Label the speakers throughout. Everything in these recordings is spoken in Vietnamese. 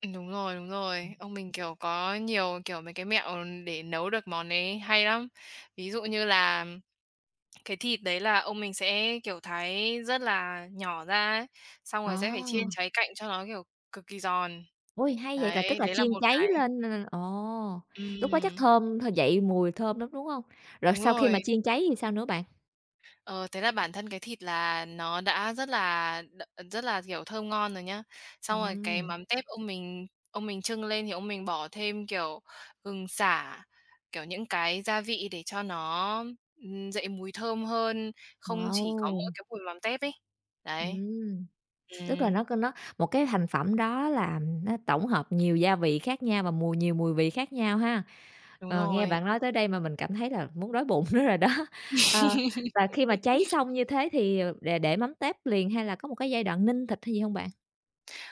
Speaker 1: Ừm. Đúng rồi, đúng
Speaker 2: Ừm.
Speaker 1: rồi. Ông mình, kiểu, có nhiều, kiểu, mấy cái mẹo để nấu được món đấy hay lắm. Ví dụ như là cái thịt đấy là ông mình sẽ, kiểu, thái rất là nhỏ ra á, xong rồi sẽ phải chiên
Speaker 2: À.
Speaker 1: cháy cạnh cho nó, kiểu, cực kỳ giòn,
Speaker 2: Ôi, hay vậy, là
Speaker 1: đấy,
Speaker 2: tức là
Speaker 1: đấy là
Speaker 2: chiên
Speaker 1: một
Speaker 2: cháy
Speaker 1: cái.
Speaker 2: lên là là ồ. Lúc đó chắc
Speaker 1: Ừm.
Speaker 2: thơm thơ dậy mùi thơm lắm, đúng hông? Rồi
Speaker 1: Đúng
Speaker 2: sau khi mà
Speaker 1: rồi.
Speaker 2: chiên cháy thì sao nữa bạn?
Speaker 1: Ờ, thế là bản thân cái thịt là nó đã rất là đ rất là, kiểu, thơm ngon rồi nhá. Xong rồi cái
Speaker 2: Ừm.
Speaker 1: mắm tép ông mình ông mình chưng lên thì ông mình bỏ thêm, kiểu, gừng, sả, kiểu, những cái gia vị để cho nó, ừm, dậy mùi thơm hơn, không chỉ có mỗi
Speaker 2: Wow!
Speaker 1: cái mùi mắm tép ấy. Đấy.
Speaker 2: Ừm, tức là
Speaker 1: Ừm.
Speaker 2: nó c nó một cái thành phẩm đó làm nó tổng hợp nhiều gia vị khác nhau và mùi nhiều mùi vị khác nhau ha.
Speaker 1: Đúng
Speaker 2: Ờ, nghe
Speaker 1: rồi.
Speaker 2: bạn nói tới đây mà mình cảm thấy là muốn đói bụng nữa rồi đó. Ờ, và khi mà cháy xong như thế thì, ờ, để để mắm tép liền hay là có một cái giai đoạn ninh thịt hay gì hông bạn?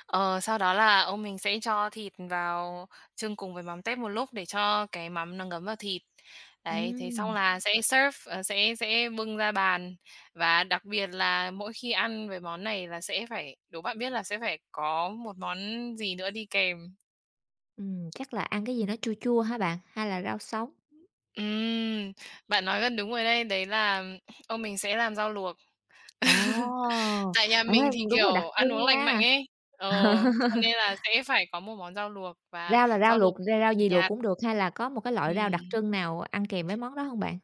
Speaker 1: Ờ, sau đó là ông mình sẽ cho thịt vào chưng cùng với mắm tép một lúc để cho cái mắm nó ngấm vào thịt. Đấy, thế xong
Speaker 2: Ừm.
Speaker 1: là sẽ serve ờ, sẽ sẽ bưng ra bàn, và đặc biệt là mỗi khi ăn với món này là sẽ phải đố bạn biết là sẽ phải có một món gì nữa đi kèm?
Speaker 2: Ừm, chắc là ăn cái gì nó chua chua hả bạn, ha là rau sống?
Speaker 1: Ừm. Bạn nói gần đúng rồi đây, đấy là ông mình sẽ làm rau luộc.
Speaker 2: Ồ!
Speaker 1: Tại nhà
Speaker 2: Ê,
Speaker 1: mình thì,
Speaker 2: đúng là đặc
Speaker 1: kiểu, ăn
Speaker 2: trưng
Speaker 1: uống lành mạnh
Speaker 2: nha.
Speaker 1: ấy ờ, cho nên là sẽ phải có một món rau luộc và
Speaker 2: Rau là rau
Speaker 1: rau luộc
Speaker 2: luộc, ra
Speaker 1: cực
Speaker 2: rau
Speaker 1: kỳ
Speaker 2: gì luộc
Speaker 1: nhạt.
Speaker 2: cũng được hay là có một cái loại rau đặc
Speaker 1: Ừm.
Speaker 2: trưng nào ăn kèm với món đó hông bạn?